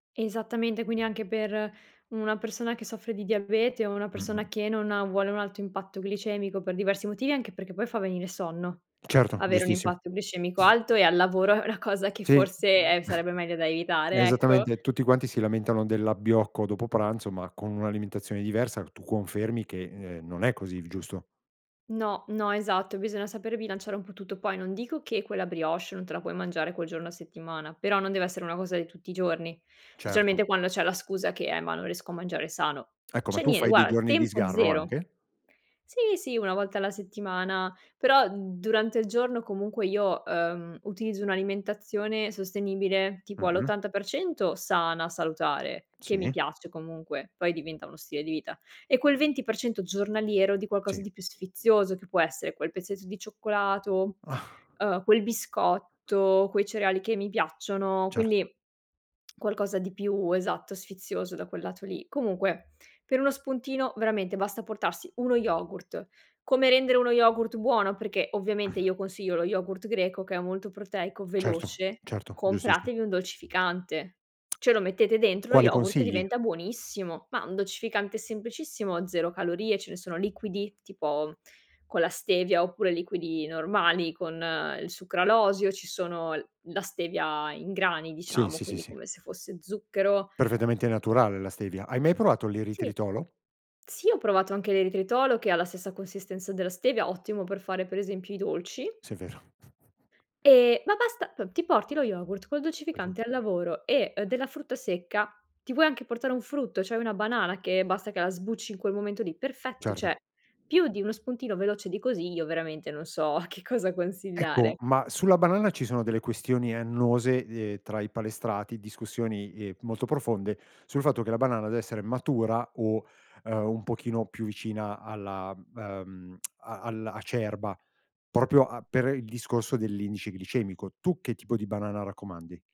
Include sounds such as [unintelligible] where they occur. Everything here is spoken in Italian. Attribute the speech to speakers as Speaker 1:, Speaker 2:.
Speaker 1: Esattamente, quindi anche per una persona che soffre di diabete o una persona
Speaker 2: Mh-mh.
Speaker 1: che non ha vuole un alto impatto glicemico per diversi motivi, anche perché poi fa venire sonno.
Speaker 2: Certo,
Speaker 1: Avere un
Speaker 2: giustissimo.
Speaker 1: impatto glicemico alto e al lavoro è una cosa che
Speaker 2: Sì,
Speaker 1: forse,
Speaker 2: m
Speaker 1: eh,
Speaker 2: [chuckles]
Speaker 1: sarebbe meglio da evitare, ecco.
Speaker 2: esattamente tutti quanti si lamentano dell'abbiocco dopo pranzo, ma con un'alimentazione diversa tu confermi che, uhm, non è così il giusto?
Speaker 1: No, no, esatto. Bisogna saper bilanciare un po' tutto. Poi non dico che quella brioche non te la puoi mangiare quel giorno a settimana, però non deve essere una cosa di tutti i giorni.
Speaker 2: Certo.
Speaker 1: Specialmente quando c'è la scusa che: "Eh, ma non riesco a mangiare sano".
Speaker 2: Ecco, ma
Speaker 1: C'è
Speaker 2: tu
Speaker 1: nie
Speaker 2: fai dei
Speaker 1: guarda,
Speaker 2: giorni di
Speaker 1: tempo
Speaker 2: sgarro
Speaker 1: 0.
Speaker 2: anche?
Speaker 1: Sì, sì, 1 volta alla settimana, però durante il giorno comunque io, uhm, utilizzo un'alimentazione sostenibile tipo all'
Speaker 2: Mh-mh.
Speaker 1: 80 % sana, salutare, che mi
Speaker 2: Sì.
Speaker 1: piace comunque, poi diventa uno stile di vita. E quel 20 % giornaliero di qualcosa
Speaker 2: Sì.
Speaker 1: di più sfizioso che può essere quel pezzetto di cioccolato,
Speaker 2: Ah.
Speaker 1: uhm, quel biscotto, quei cereali che mi piacciono,
Speaker 2: Certo.
Speaker 1: quindi qualcosa di più, esatto, sfizioso da quel lato lì. Comunque per uno spuntino veramente basta portarsi uno yogurt. Come rendere uno yogurt buono? Perché ovviamente
Speaker 2: Mh.
Speaker 1: io consiglio lo yogurt greco che è molto proteico,
Speaker 2: Certo,
Speaker 1: veloce,
Speaker 2: certo, giustissi
Speaker 1: compratevi un dolcificante,
Speaker 2: [tsk]
Speaker 1: ce lo mettete dentro lo
Speaker 2: Quali
Speaker 1: yogurt e
Speaker 2: consigli?
Speaker 1: diventa buonissimo. Ma un dolcificante semplicissimo, 0 calorie, ce ne sono liquidi tipo con la stevia oppure liquidi normali con il sucralosio, ci sono l la stevia in grani
Speaker 2: Sì.
Speaker 1: diciamo,
Speaker 2: Sì, sì,
Speaker 1: quindi
Speaker 2: sì.
Speaker 1: come se fosse zucchero
Speaker 2: Perfettamente naturale la stevia. Hai mai provato
Speaker 1: Sì.
Speaker 2: l'eritritolo?
Speaker 1: Sì, ho provato anche l'eritritolo che ha la stessa consistenza della stevia, ottimo per fare per esempio i dolci.
Speaker 2: Sì è vero. [snorts]
Speaker 1: Ehm, ma basta, p ti porti lo yogurt col
Speaker 2: [unintelligible]
Speaker 1: dolcificante al lavoro e della frutta secca, ti puoi anche portare un frutto, cioè una banana che basta che la sbucci in quel momento lì. Perfetto,
Speaker 2: Certo.
Speaker 1: cioè più di uno spuntino veloce di così io veramente non so che cosa consigliare.
Speaker 2: Ecco, ma sulla banana ci sono delle questioni annose, ehm, tra i palestrati, discussioni ehm, molto profonde sul fatto che la banana deve essere matura o, uhm, un pochino più vicina alla uhm, [tsk] a al acerba, proprio a per il discorso dell'indice glicemico. Tu che tipo di banana raccomandi?